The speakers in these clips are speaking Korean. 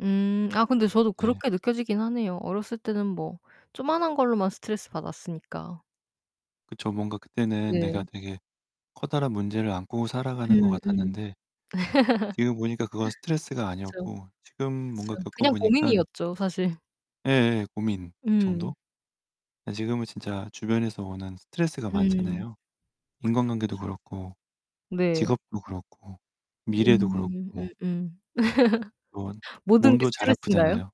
음, 아 근데 저도 네. 그렇게 느껴지기는 하네요. 어렸을 때는 뭐 조그마한 걸로만 스트레스 받았으니까. 그쵸. 뭔가 그때는 내가 네. 되게 커다란 문제를 안고 음 음 살아가는 것 같았는데 지금 보니까 그건 스트레스가 그쵸. 아니었고 지금 뭔가 그쵸. 겪어 그냥 보니깐 고민이었죠, 사실. 예예. 고민 음. 정도? 예 지금은 진짜 주변에서 오는 스트레스가 음. 많잖아요. 그쵸, 인간관계도 그쵸. 그렇고 네. 직업도 그렇고 미래도 음 그렇고. 음음. [unintelligible] 모든 게 몸도 잘 스트레스인가요? 아프잖아요.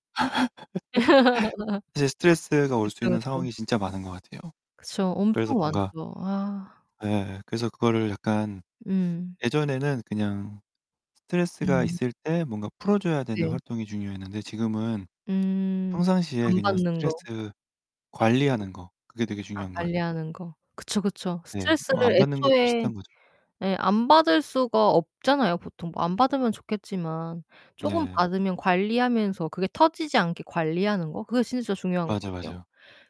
이제 스트레스가 올 수 그쵸, 있는 그쵸. 상황이 진짜 많은 것 같아요. 그쵸. 그래서 엄청 뭔가 많죠. 아. 예예. 그래서 그거를 약간 음. 예전에는 그냥 스트레스가 음. 있을 때 뭔가 풀어 줘야 되는 네. 활동이 중요했는데 지금은 음. 평상시에 안 그냥 받는 거. 스트레스 관리하는 거 그게 되게 아, 중요한 것 같아요. 관리하는 거. 그쵸, 그쵸. 네. 뭐 스트레스를 안 받는 것도 애초에 비슷한 거죠. 예 안 받을 수가 없잖아요 보통. 안 받으면 좋겠지만 쪼금 네. 받으면 관리하면서 그게 터지지 않게 관리하는 거 그게 진짜 중요한 것 맞아, 같아요. 맞아요.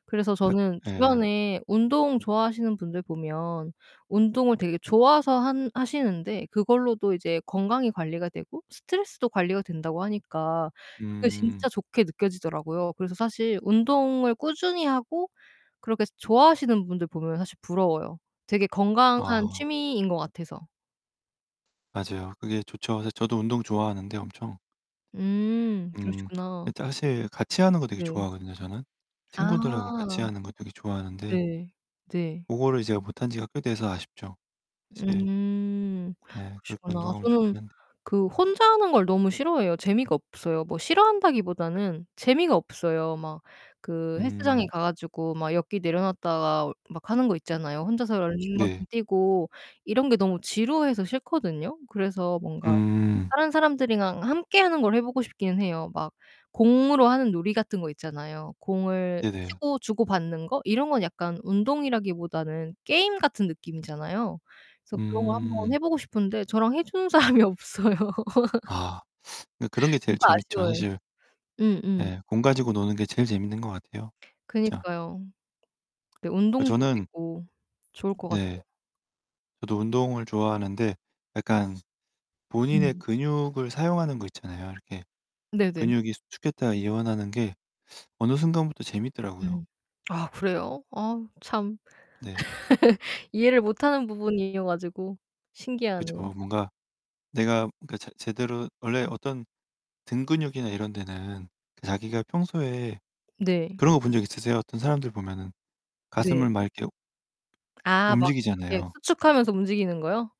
그래서 악 저는 예. 주변에 운동 좋아하시는 분들 보면 운동을 되게 좋아서 한 하시는데 그걸로도 이제 건강이 관리가 되고 스트레스도 관리가 된다고 하니까 그게 진짜 음. 좋게 느껴지더라고요. 그래서 사실 운동을 꾸준히 하고 그렇게 좋아하시는 분들 보면 사실 부러워요. 되게 건강한 아. 취미인 것 같아서. 맞아요. 그게 좋죠. 사실 저도 운동 음. 좋아하는데 엄청 음, 음 그러시구나. 이 사실 같이 하는 거 되게 네. 좋아하거든요, 저는. 아. 친구들하고 같이 하는 거 되게 좋아하는데 네, 네. 고거를 이 제가 못 한 지가 꽤 돼서 아쉽죠. 사실 음 네, 그렇게 그러시구나. 운동하면 저는 좋기는 한데. 그 혼자 하는 걸 너무 싫어해요. 재미가 없어요. 뭐 싫어한다기 보다는 재미가 없어요. 막 그 헬스장에 음. 가 가지고 막 역기 내려놨다가 막 하는 거 있잖아요. 혼자서 러닝머신 네. 뛰고 이런 게 너무 지루해서 싫거든요. 그래서 뭔가 음. 다른 사람들이랑 함께 하는 걸 해 보고 싶기는 해요. 막 공으로 하는 놀이 같은 거 있잖아요. 공을 네네. 치고 주고 받는 거? 이런 거는 약간 운동이라기 보다는 게임 같은 느낌이잖아요. 그래서 그런 거 한번 음. 해 보고 싶은데 저랑 해 주는 사람이 없어요. 아. 이 그런 게 제일 재밌죠. 아쉬워요. 사실 음음. 네, 공 가지고 노는 게 제일 재밌는 것 같아요 진짜. 그니까요. 네, 그 운동도 저는 되고 좋을 으 것 네. 같아요. 저도 운동을 좋아하는데 약간 본인의 음. 근육을 사용하는 거 있잖아요. 이렇게 네네. 근육이 수축했다가 이완하는 게 어느 순간부터 재밌더라고요. 음 아 그래요? 아 참. 네. 이해를 못하는 부분이어 가지고 그쵸. 신기하네요. 뭔가 내가 그 제 제대로 원래 어떤 등 근육이나 이런 데는 자기가 평소에 네. 그런 거 본 적 있으세요? 어떤 사람들 보면은 네. 가슴을 막 이렇게 아 막 이렇게 움직이잖아요 수축하면서 움직이는 거요?